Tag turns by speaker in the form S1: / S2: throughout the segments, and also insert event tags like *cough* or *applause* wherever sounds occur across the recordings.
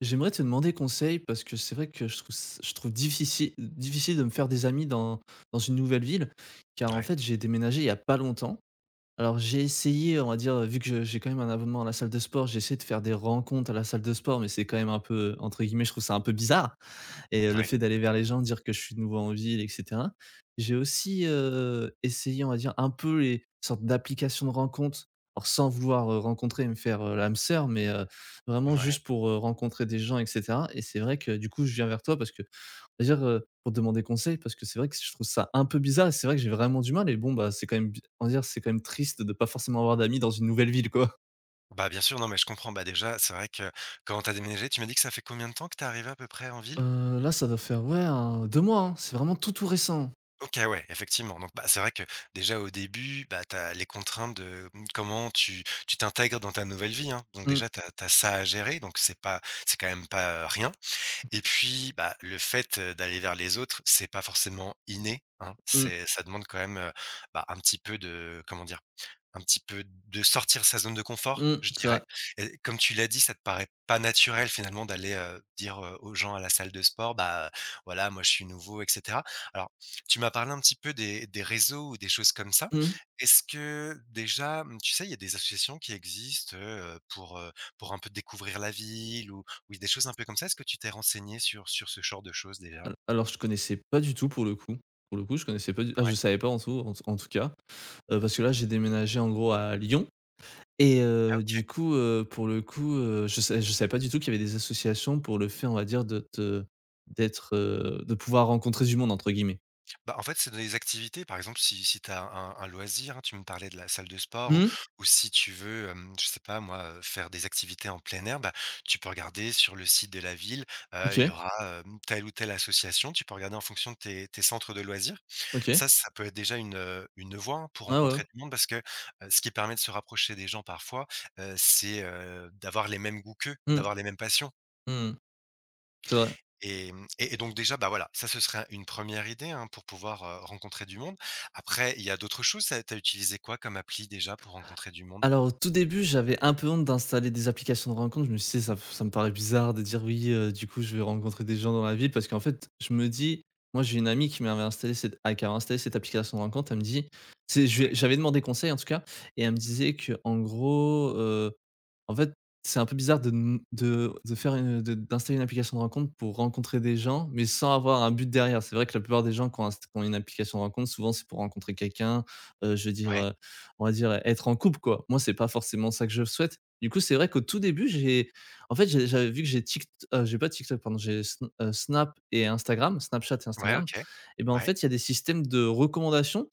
S1: J'aimerais te demander conseil parce que c'est vrai que je trouve c je trouve diffici heu, difficile de me faire des amis dans dans une nouvelle ville car en
S2: Ouais.
S1: fait, j'ai déménagé, il y a pas longtemps. Alors j'ai essayé, on va dire, heu, vu que je j'ai, quand même, un abonnement à la salle de sport, j'ai essayé de faire des rencontres à la salle de sport mais c'est, quand même, un peu, heu, entre guillemets, je trouve ça un peu «bizarre» et heu, le
S2: Ouais.
S1: fait d'aller vers les gens, dire que je suis, de nouveau, en ville et cetera. J'ai aussi, heu, essayé, on va dire, un peu les sortes d'applications de rencontres or sans vouloir, heu, rencontrer et me faire, heu, l'âme sœur mais heu, vraiment
S2: Ouais.
S1: juste pour, heu, rencontrer des gens et cetera et c'est vrai que, du coup, je viens vers toi parce que, on va dire, heu, pour te demander conseil parce que c'est vrai que c je trouve ça un peu bizarre et c'est vrai que j'ai vraiment du mal et bon, bah, c'est quand même bi on va dire, c'est quand même triste de pas forcément avoir d'amis dans une nouvelle ville, quoi.
S2: Bah, bien sûr, non, mais je comprends. Bah, déjà, c'est vrai que, quand tu as déménagé, tu m'as dit que ça fait combien de temps que tu es arrivé, à peu près, en ville?
S1: Heu, là, ça doit faire, ouais, hein, 2 mois, hein. C'est vraiment tout tout récent.
S2: OK, ouais. Effectivement, donc bah, c'est vrai que, déjà, au début, bah, tu as les contraintes de, mmh, comment tu tu t'intègres dans ta nouvelle vie, hein. Donc
S1: Mmh.
S2: déjà tu as tu as ça à gérer donc c'est pas c'est, quand même, pas, heu, rien et puis, bah, le fait, heu, d'aller vers les autres, c'est pas forcément inné, hein.
S1: Mmh.
S2: C'est ça demande, quand même, heu, bah, un petit peu de, comment dire? Un petit peu de sortir de sa zone de confort,
S1: Mmh,
S2: je
S1: c'est vrai.
S2: dirais et comme tu l'as dit, ça te paraît pas naturel, finalement, d'aller, heu, dire, heu, aux gens à la salle de sport: «Bah, voilà, moi, je suis nouveau» et cetera. Alors tu m'as parlé un petit peu des des réseaux ou des choses comme ça,
S1: Mmh.
S2: est-ce que, déjà, mmh, tu sais, il y a des associations qui existent, heu, pour, heu, pour un peu découvrir la ville ou ou des choses un peu comme ça. Est-ce que tu t'es renseigné sur sur ce genre de choses, déjà?
S1: Heu, alors je connaissais pas du tout, pour le coup pour le coup, je connaissais pas du t ah, je
S2: Ouais.
S1: savais pas en tout en tout en tout cas, heu, parce que, là, j'ai déménagé en gros à Lyon et
S2: Ah,
S1: heu, du
S2: OK.
S1: coup, heu, pour le coup, heu, je sav je savais pas du tout qu'il y avait des associations pour le fait, on va dire, de te d'être, heu de pouvoir rencontrer du monde entre, guillemets.
S2: Bah, en fait c'est donner des activités. Par exemple si si tu as un un un loisir hein, tu me parlais de la salle de sport ou
S1: Mmh.
S2: ou si tu veux, hem, je sais pas moi, heu, faire des activités en plein air bah, tu peux regarder sur le site de la ville, heu, il y
S1: OK.
S2: aura, hem, telle ou telle association. Tu peux regarder en fonction de tes tes centres de loisirs.
S1: OK.
S2: Ca, ça peut être déjà une, heu, une voie hein, pour
S1: Ouais, ouais.
S2: rencontrer du monde parce que, heu, ce qui permet de se rapprocher des gens parfois, heu, c'est, heu, d'avoir les mêmes goûts qu'eux,
S1: Mmh.
S2: d'avoir les mêmes passions.
S1: Mmh mh. C'est vrai.
S2: Et mmh, et et donc déjà, bah, voilà, ça, ce serait un une première idée, hein, pour pouvoir, heu, rencontrer du monde. Après, il y a d'autres choses, ça tu as utilisé quoi comme appli déjà, pour rencontrer du monde?
S1: Alors, au tout début, j'avais un peu honte d'installer des applications de rencontre, je me suis dit, tu sais ça *blows air* ça me paraît bizarre de dire: «Oui, heu, du coup je veux rencontrer des gens dans ma ville» parce qu'en fait je me dis moi, j'ai une amie qui m'avait installé cette a qui a installé cette application de rencontres, elle me dit: «Tu sais», je lui
S2: Ouais.
S1: ai je lui avais demandé conseil en tout cas. Et elle me disait qu'en gros, heu, en fait, c'est un peu bizarre de m de de faire une, heu de d'installer une application de rencontres pour rencontrer des gens, mais sans avoir un but derrière. C'est vrai que la plupart des gens qui ont inst qui ont une application de rencontres souvent, c'est pour rencontrer quelqu'un, heu, je veux dire,
S2: Ouais.
S1: heu, on va dire être en couple quoi. Moi, c'est pas forcément ça que je souhaite. Du coup, c'est vrai qu'au tout début j'ai en fait, j'ai j'avais vu que j'ai TikT heu, j'ai pas TikTok pardon, j'ai heu, S heu, Snap et Instagram, Snapchat et
S2: Ouais,
S1: Instagram.
S2: OK.
S1: Et ben, en
S2: Ouais.
S1: fait, il y a des systèmes de recommandations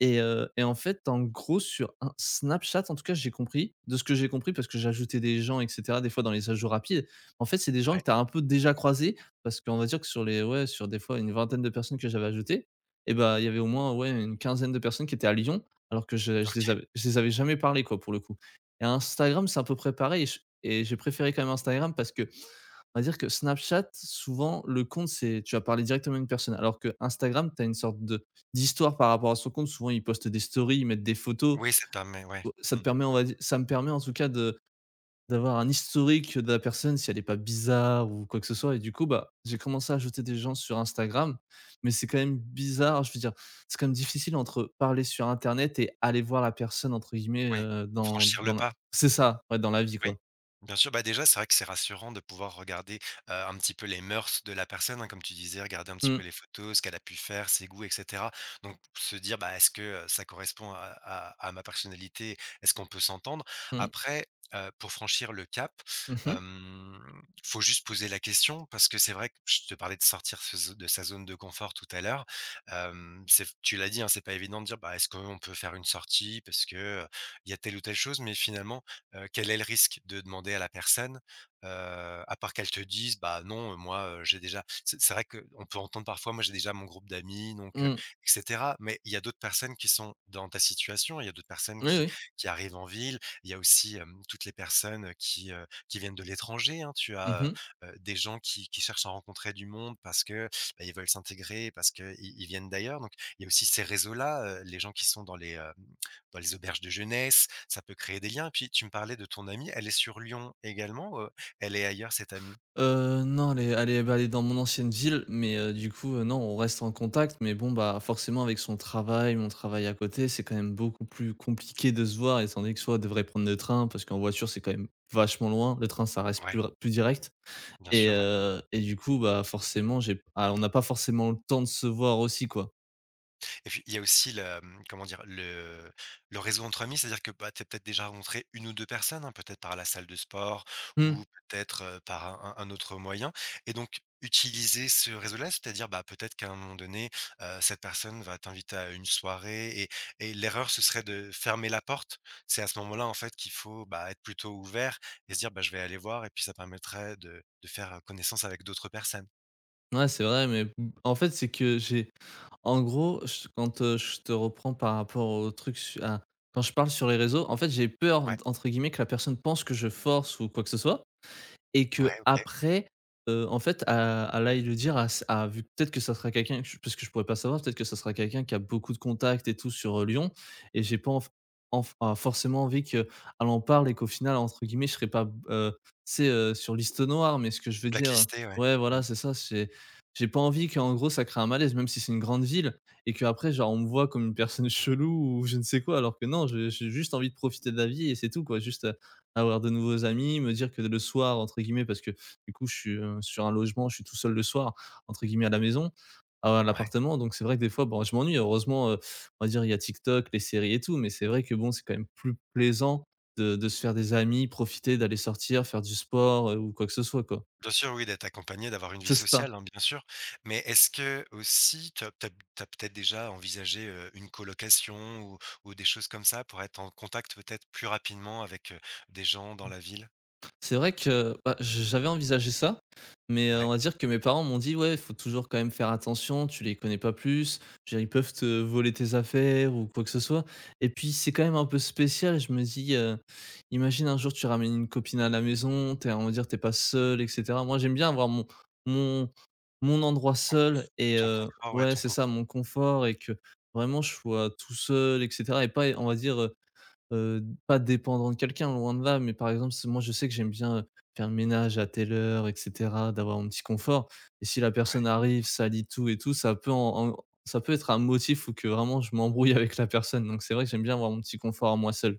S1: et heu, et en fait en gros, sur Ins Snapchat en tout cas, j'ai compris de ce que j'ai compris, parce que j'ai ajouté des gens et cetera des fois dans les ajouts rapides. En fait, c'est des gens que
S2: Ouais.
S1: tu as un peu déjà croisés, parce qu'on va dire que sur les ouais, sur des fois une vingtaine de personnes que j'avais ajoutées et ben, il y avait au moins ouais, une quinzaine de personnes qui étaient à Lyon, alors que je je les
S2: OK.
S1: avais je les avais jamais parlé quoi, pour le coup. Et Instagram, c'est un peu près pareil et je et j'ai préféré quand même Instagram parce qu'on va dire que Snapchat, souvent le compte c'est, tu vas parler directement à une personne, alors que Instagram, tu as une sorte de d'histoire par rapport à son compte, souvent ils postent des stories, ils mettent des photos.
S2: Oui, ça t'a mais ouais.
S1: Au ça me
S2: Mmh.
S1: permet on va dire, ça me permet en tout cas de d'avoir un historique de la personne si elle est pas bizarre, ou quoi que ce soit, et du coup bah, j'ai commencé à ajouter des gens sur Instagram, mais c'est quand même bizarre, je veux dire, c'est quand même difficile entre parler sur internet et «aller voir la personne» entre guillemets,
S2: Oui.
S1: heu, dans
S2: Franchir le
S1: dans la
S2: pas?
S1: c'est ça, ouais dans la vie
S2: Oui.
S1: quoi.
S2: Bien sûr. Bah déjà, c'est vrai que c'est rassurant de pouvoir regarder, heu, un petit peu les mœurs de la personne, hein, comme tu disais, regarder un petit
S1: Mmh.
S2: peu les photos, ce qu'elle a pu faire, ses goûts et cetera. Donc, se dire bah: «Est-ce que, heu, ça correspond à à à ma personnalité? Est-ce qu'on peut s'entendre?»
S1: Mmh.
S2: après, heu, pour franchir le cap,
S1: Mmh mh.
S2: hem, faut juste poser la question, parce que c'est vrai que je te parlais de sortir ce zo de sa zone de confort tout à l'heure, hem, c'est v tu l'as dit hein, c'est pas évident de dire bah: «Est-ce qu'on peut faire une sortie? Parce que, heu, il y a telle ou telle chose». Mais finalement, heu, quel est le risque de demander à la personne? Heu, à part qu'elle te dise: «Bah, non moi, heu, j'ai déjà» C'est c'est vrai qu'on peut entendre parfois, «Moi, j'ai déjà mon groupe d'amis donc heu,
S1: Mmh.
S2: et cetera». Mais il y a d'autres personnes qui sont dans ta situation, il y a d'autres personnes
S1: Oui
S2: qui
S1: oui.
S2: qui arrivent en ville, il y a aussi, hem, toutes les personnes qui, heu, qui viennent de l'étranger, hein. Tu
S1: Mmh
S2: as,
S1: mh.
S2: heu heu, des gens qui qui cherchent à rencontrer du monde parce que beh, ils veulent s'intégrer parce qu'ils ils viennent d'ailleurs. Donc, il y a aussi ces réseaux là, heu, les gens qui sont dans les, hem, dans les auberges de jeunesse, ça peut créer des liens. Puis, tu me parlais de ton amie, elle est sur Lyon également? Heu, elle est ailleurs cette amie?
S1: Heu, non, elle est elle est, bah, elle est dans mon ancienne ville mais heu, du coup, heu, non, on reste en contact. Mais bon bah, forcément avec son travail, mon travail à côté, c'est quand même beaucoup plus compliqué de se voir étant donné que soit elle devrait prendre le train, parce qu'en voiture c'est quand même vachement loin, le train ça reste
S2: Ouais.
S1: plus ra plus direct.
S2: Bien
S1: Et
S2: sûr, ouais.
S1: heu, et du coup bah, forcément j'ai p ah, on n'a pas forcément le temps de se voir aussi quoi.
S2: Et puis il y a aussi le, hem, comment dire? Le le réseau entre amis, c'est-à-dire que bah tu as peut-être déjà rencontré une ou deux personnes hein peut-être par la salle de sport
S1: Mmh.
S2: ou peut-être, heu, par un un un autre moyen? Et donc utiliser ce réseau là c'est-à-dire ben peut-être qu'à un moment donné, heu, cette personne va t'inviter à une soirée et et l'erreur ce serait de fermer la porte. C'est à ce moment là en fait qu'il faut ben être plutôt ouvert et se dire bah je vais aller voir et puis ça permettrait de de faire connaissance avec d'autres personnes.
S1: Ouais, c'est vrai, mais b en fait c'est que j'ai en gros je quand je te reprends par rapport au truc su a quand je parle sur les réseaux en fait «j'ai peur» de
S2: Ouais.
S1: entre guillemets que la personne pense que je force ou quoi que ce soit. Et
S2: Ouais, OK.
S1: qu'après, heu, en fait a elle aille le dire à s à v peut-être que ça serait quelqu'un puisque parce que je pourrais pas savoir peut-être que ce sera quelqu'un qui a beaucoup de contact et tout sur, heu, Lyon. Et j'ai pas en f en f forcément envie qu'elle en parle et qu'au final, entre guillemets, je serai pas b heu, tu sais, heu, sur «liste noire,» mais ce que je veux dire, heu
S2: Blacklisté ouais.
S1: ouais
S2: Mmh.
S1: voilà, c'est ça, c'est j'ai pas envie qu'en gros, ça crée un malaise. Même si c'est une grande ville et qu'après genre on me voit comme une personne chelou ou je ne sais quoi alors que non, je j'ai juste envie de profiter de la vie et c'est tout quoi. Juste, heu, avoir de nouveaux amis, me dire que le soir entre guillemets parce que du coup, je suis, heu, sur un logement, je suis «tout seul le soir» entre guillemets à la maison, à à
S2: Ouais.
S1: l'appartement donc c'est vrai que des fois bon je m'ennuie. Heureusement, heu, on va dire il y a TikTok, les séries et tout, mais c'est vrai que bon, c'est quand même plus plaisant de de se faire des amis, profiter d'aller sortir, faire du sport, heu, ou quoi que ce soit quoi.
S2: Bien sûr oui d'être accompagné d'avoir une vie
S1: C'est ça.
S2: sociale hein bien sûr, mais est-ce qu'aussi tu as p tu as p tu as peut-être déjà envisagé, heu, une colocation ou ou des choses comme ça pour être en contact peut-être plus rapidement avec, heu, des gens dans la ville?
S1: *unintelligible* C'est vrai que bah j'ai j'avais envisagé ça, mais heu, on
S2: Ouais.
S1: va dire que mes parents m'ont dit: «Ouais, il faut toujours quand même faire attention, tu les connais pas plus, je veux dire ils peuvent te voler tes affaires ou quoi que ce soit.» et puis c'est quand même un peu spécial, je me dis, heu, imagine un jour tu ramènes une copine à la maison, tu es on va dire tu es pas seul et cetera. Moi, j'aime bien avoir mon mon mon endroit
S2: Ton
S1: seul
S2: conf
S1: et
S2: ton
S1: heu,
S2: confort ouais
S1: ouais,
S2: ton
S1: c'est ça
S2: *unintelligible*
S1: mon confort et que vraiment je sois tout seul et cetera. Et pas on va dire, heu heu, pas dépendant de quelqu'un loin de là, mais par exemple, si moi je sais que j'aime bien, heu, faire ménage à telle heure et cetera, d'avoir mon petit confort. Et si la personne
S2: Ouais.
S1: arrive, salit tout et tout, ça peut en en ça peut être un motif ou que vraiment je m'embrouille avec la personne, donc c'est vrai que j'aime bien avoir mon petit confort à moi seul.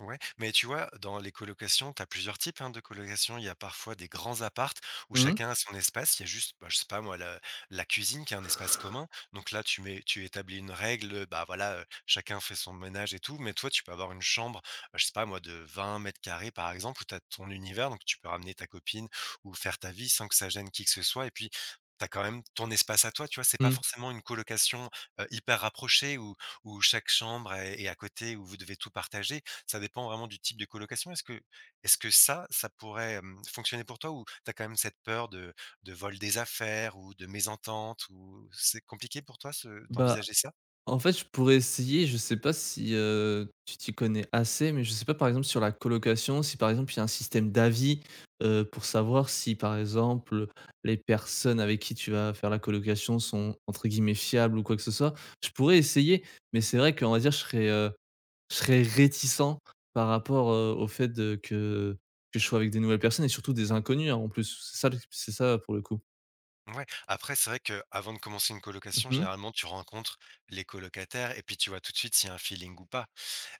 S2: Ouais, mais tu vois, dans les colocations, tu as plusieurs types, hein, de colocation. Il y a parfois des grands apparts, où
S1: Mmh mh.
S2: chacun a son espace, il y a juste bah, je sais pas, moi, la la cuisine qui est un espace commun. Donc là, tu mets tu établis une règle, heu, bah, voilà, heu, chacun fait son ménage et tout. Mais toi, tu peux avoir une chambre, je sais pas, moi, de 20 m², par exemple, où tu as ton univers, donc tu peux ramener ta copine ou faire ta vie sans que ça gêne qui que ce soit. Et puis, tu as quand même ton espace à toi, tu vois? C'est pas
S1: Mmh.
S2: forcément une colocation, heu, hyper rapprochée où où chaque chambre est est à côté, où vous devez tout partager. Ça dépend vraiment du type de colocation. Est-ce que est-ce que ça, ça pourrait, hem, fonctionner pour toi? Ou tu as quand même cette peur de de vol des affaires ou de mésentente ou C'est compliqué pour toi, ce
S1: Bah,
S2: d'envisager ça?
S1: en fait, je pourrais essayer. Je sais pas si, heu, tu t'y connais assez, mais je sais pas, par exemple, sur la colocation, si par exemple, il y a un système d'avis. Heu, pour savoir si, par exemple, les personnes avec qui tu vas faire la colocation sont, entre guillemets, «fiables» ou quoi que ce soit. Je pourrais essayer. Mais c'est vrai qu'on va dire je serai, heu je serais réticent par rapport, heu, au fait de que que je sois avec des nouvelles personnes et surtout des inconnus, hein, en plus. C'est ça c'est ça, pour le coup.
S2: Ouais. Après c'est vrai qu'avant de commencer une colocation,
S1: Mmh mh.
S2: généralement, tu rencontres les colocataires et puis tu vois tout de suite s'il y a un feeling ou pas.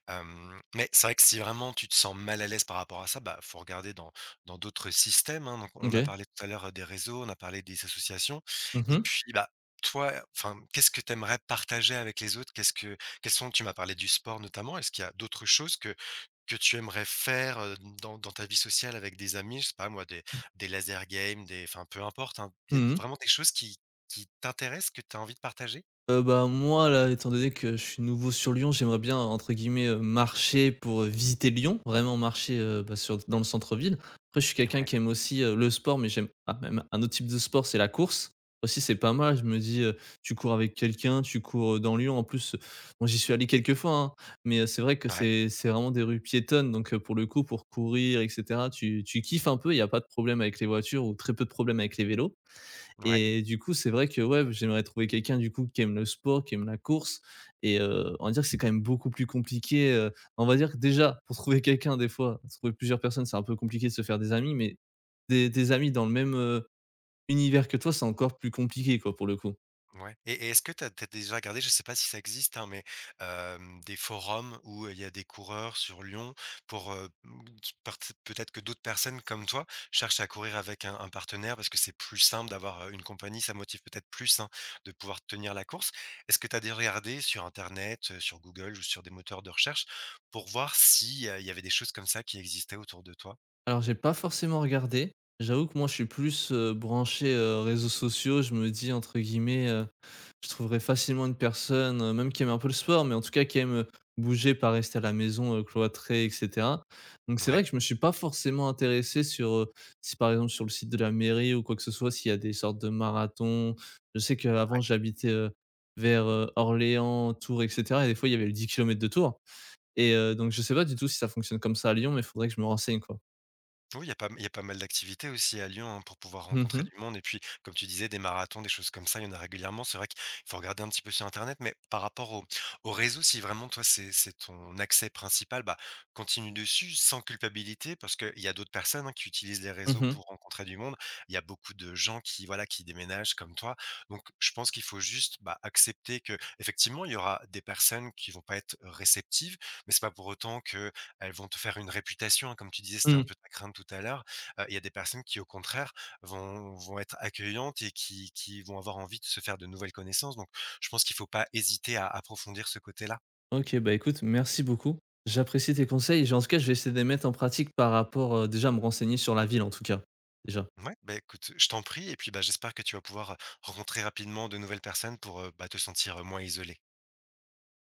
S2: Hem, mais c'est vrai que si vraiment tu te sens mal à l'aise par rapport à ça, bah, il faut regarder dans dans d'autres système, hein. Donc on a
S1: OK.
S2: parlé, tout à l'heure, des réseaux. On a parlé des associations
S1: Mmh
S2: et
S1: mh.
S2: puis, bah, toi, enfin, mmh, qu'est-ce que tu aimerais partager avec les autres? Qu'est-ce que quels sont tu m'as parlé du sport, notamment. Est-ce qu'il y a d'autres choses que que tu aimerais faire, heu, dans dans ta vie sociale avec des amis? Je sais pas, moi, des des laser games, des enfin, peu importe, hein. Il
S1: Mmh
S2: y a
S1: mh.
S2: vraiment des choses qui qui t'intéressent que tu as envie de partager?
S1: Heu, ben, moi, là, étant donné que je suis nouveau sur Lyon, j'aimerais bien, entre guillemets, heu, «marcher pour visiter Lyon,» vraiment marcher, heu, bah, sur dans le centre-ville. Après je suis quelqu'un
S2: Ouais.
S1: qui aime aussi, heu, le sport mais j'aime ah, même un autre type de sport, c'est la course. Aussi, c'est pas mal, je me dis: «heu, tu cours avec quelqu'un, tu cours, heu, dans Lyon.» en plus, moi, j'y suis allé quelques fois, hein mais heu, c'est vrai que
S2: Ouais.
S1: c'est c'est vraiment des rues piétonnes donc heu, pour le coup, pour courir et cetera, tu tu kiffes un peu. Il y a pas de problème avec les voitures ou très peu de problème avec les vélos
S2: Ouais.
S1: et du coup, c'est vrai que, ouais b j'aimerais trouver quelqu'un, du coup, qui aime le sport, qui aime la course et heu, on va dire que c'est quand même beaucoup plus compliqué, heu, on va dire que, déjà, pour trouver quelqu'un des fois, trouver plusieurs personnes, c'est un peu compliqué de se faire des amis mais des des amis dans le même, heu, univers que toi, c'est encore plus compliqué, quoi, pour le coup.
S2: Mouais et et est-ce que tu as tu as déjà regardé, je sais pas si ça existe, hein, mais hem, des forums où il y a des coureurs sur Lyon pour, heu, m pert peut-être que d'autres personnes comme toi cherchent à courir avec un un partenaire parce que c'est plus simple d'avoir, heu, une compagnie? Ça motive peut-être plus, hein, de pouvoir tenir la course? Est-ce que tu as déjà regardé sur internet, heu, sur Google ou sur des moteurs de recherche, pour voir s'il y a il y avait des choses comme ça qui existait autour de toi?
S1: Alors, j'ai pas forcément regardé. J'avoue que, moi, je suis plus, heu, branché, heu, réseaux sociaux. Je me dis, entre guillemets, heu, je trouverais «facilement» une personne, même qui aime un peu le sport, mais, en tout cas, qui aime, heu, bouger, pas rester à la maison, heu, cloîtrée, et cetera. Donc, c'est vrai
S2: Ouais.
S1: que je me suis pas forcément intéressé sur, heu si, par exemple, sur le site de la mairie ou quoi que ce soit, s'il y a des sortes de marathons. Je sais que, avant,
S2: Ouais.
S1: j'habitais, heu, vers, heu, Orléans, Tours, et cetera, et des fois, il y avait les 10 km de Tours. Et heu, donc, je sais pas du tout si ça fonctionne comme ça à Lyon, mais il faudrait que je me renseigne, quoi.
S2: Oui, il y a pas il y a pas mal d'activités aussi à Lyon, hein, pour pouvoir
S1: Mmh
S2: rencontrer
S1: mh.
S2: du monde et puis, comme tu disais des marathons, des choses comme ça, il y en a régulièrement. C'est vrai qu'il faut regarder un petit peu sur internet. Mais par rapport aux-aux réseaux, si vraiment, toi, c'est c'est ton accès principal, bah, continue dessus sans culpabilité parce qu'il y a d'autres personnes, hein, qui utilisent les
S1: Mmh
S2: réseaux
S1: mh.
S2: pour rencontrer du monde. Il y a beaucoup de gens qui, voilà, qui déménagent comme toi, donc je pense qu'il faut juste, ben, accepter que, effectivement, il y aura des personnes qui vont pas être réceptives, mais c'est pas pour autant qu'elles vont te faire une réputation, comme tu disais, c'était un
S1: Mmh.
S2: peu ta crainte tout à l'heure. Heu, il y a des personnes qui, au contraire, vont vont être accueillantes et qui qui vont avoir envie de se faire de nouvelles connaissances, donc je pense qu'il faut pas hésiter à approfondir ce côté-là.
S1: OK. Bah, écoute, merci beaucoup. J'apprécie tes conseils et je en tout cas, je vais essayer de les mettre en pratique par rapport, heu, déjà à me renseigner sur la ville, en tout cas, déjà.
S2: Ouais, ben, écoute, je t'en prie et puis, bah, j'espère que tu vas pouvoir, heu, rencontrer rapidement de nouvelles personnes pour, heu, bah, te sentir moins isolé.